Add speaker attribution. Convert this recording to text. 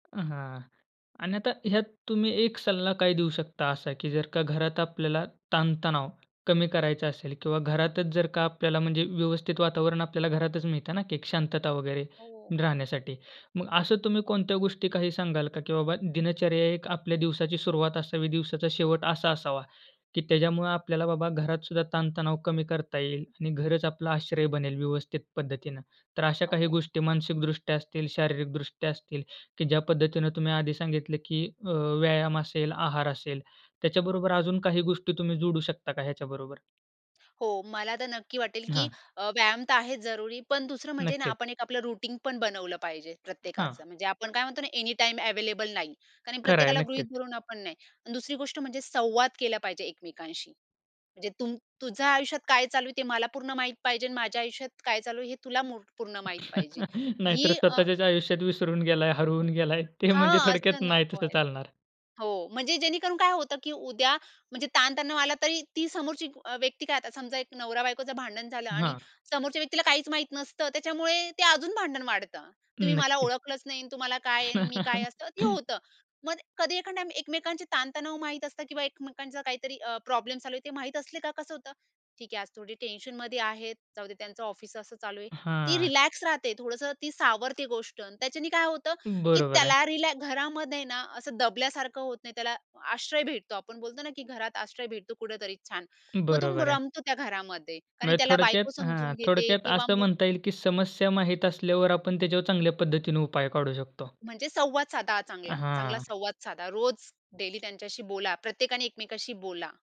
Speaker 1: अ, हां. आणि आता ह्यात तुम्ही एक सल्ला काय देऊ शकता? असा की जर का घरात आपल्याला ताणतणाव कमी करायचा असेल किंवा घरातच जर का आपल्याला म्हणजे व्यवस्थित वातावरण आपल्याला घरातच मिळतं ना, की एक शांतता वगैरे,
Speaker 2: हो.
Speaker 1: राहण्यासाठी. मग असं तुम्ही कोणत्या गोष्टी काही सांगाल का? की बाबा दिनचर्या एक आपल्या दिवसाची सुरुवात असावी, दिवसाचा शेवट असा असावा, की त्याच्यामुळं आपल्याला बाबा घरात सुद्धा ताणतणाव कमी करता येईल आणि घरंच आपला आश्रय बनेल व्यवस्थित पद्धतीनं. तर अशा काही
Speaker 2: आहो.
Speaker 1: गोष्टी मानसिकदृष्ट्या असतील, शारीरिकदृष्ट्या असतील, की ज्या पद्धतीने तुम्ही आधी सांगितलं, की अ, व्यायाम असेल, आहार असेल. त्याच्याबरोबर अजून काही गोष्टी तुम्ही जोडू शकता का ह्याच्याबरोबर?
Speaker 2: हो. मला तर नक्की वाटेल, की
Speaker 1: हां.
Speaker 2: अ, व्यायाम तर आहेच जरुरी पण दुसरं म्हणजे ना,
Speaker 1: नक्कीच.
Speaker 2: आपण एक आपलं रुटीन पण बनवलं पाहिजे
Speaker 1: हां.
Speaker 2: प्रत्येकाचं. म्हणजे आपण काय म्हणतो ना, एनीटाईम अवेलेबल नाही. कारण
Speaker 1: खरं आहे.
Speaker 2: प्रत्येकाला गृहीत
Speaker 1: नक्कीच.
Speaker 2: धरून आपण नाही. दुसरी गोष्ट म्हणजे संवाद केला पाहिजे एकमेकांशी. म्हणजे तुम तुझ्या आयुष्यात काय चालू आहे ते मला पूर्ण माहीत पाहिजे आणि माझ्या आयुष्यात काय चालू आहे हे तुला मुरक पूर्ण माहित पाहिजे.
Speaker 1: नाहीतर,
Speaker 2: ही अ
Speaker 1: स्वतःच्याच आयुष्यात विसरून गेलाय, हरवून
Speaker 2: [unintelligible]
Speaker 1: गेलाय. ते म्हणजे
Speaker 2: हां.
Speaker 1: थडक्यात
Speaker 2: असं
Speaker 1: नाही
Speaker 2: नको
Speaker 1: तसं
Speaker 2: व्हायल
Speaker 1: चालणार.
Speaker 2: हो. म्हणजे जेणेकरून काय होतं? की उद्या म्हणजे ताणतणाव आला तरी, ती समोरची अ, व्यक्ती काय आता समजा एक नवरा-बायकोचं भांडण झालं. आणि
Speaker 1: हां.
Speaker 2: समोरच्या व्यक्तीला काहीच माहीत नसतं, त्याच्यामुळे ते अजून भांडण वाढतं. तुम्ही मला
Speaker 1: नक्कीच.
Speaker 2: ओळखलंच नाही आणि तुम्हाला काय आहे? आणि मी काय? असं ते होतं. मग कधी एका टाइम एकमेकांचे ताणतणाव माहित असतं किंवा एकमेकांचा काहीतरी अ, प्रॉब्लेम चालू आहे ते माहीत असले का कसं होतं? ठीक आहे, आज थोडी टेन्शनमध्ये आहेत जाऊदे त्यांचं ऑफिस असं चालू आहे. ती
Speaker 1: हां.
Speaker 2: रिलॅक्स राहते, थोडंसं ती सावरते गोष्ट, त्याच्याने काय होतं, की
Speaker 1: बरोबर आहे.
Speaker 2: त्याला रिलॅ घरामध्ये ना, असं दबल्यासारखं होत नाही. त्याला आश्रय भेटतो, आपण बोलतो ना, की घरात आश्रय भेटतो कुठेतरी छान, मग तुंब
Speaker 1: बरोबर आहे.
Speaker 2: रमतो त्या घरामध्ये, कारण
Speaker 1: म्हणजे
Speaker 2: त्याला बायको
Speaker 1: थोडक्यात हां.
Speaker 2: समजून घेते
Speaker 1: थोडक्यात
Speaker 2: किंवा
Speaker 1: असं
Speaker 2: मु
Speaker 1: म्हणता येईल, की समस्या माहीत असल्यावर आपण त्याच्यावर चांगल्या पद्धतीने उपाय काढू शकतो.
Speaker 2: म्हणजे संवाद साधा चांगला. चांगला
Speaker 1: हां.
Speaker 2: संवाद साधा. रोज, डेली त्यांच्याशी बोला. प्रत्येकाने एकमेकांशी बोला.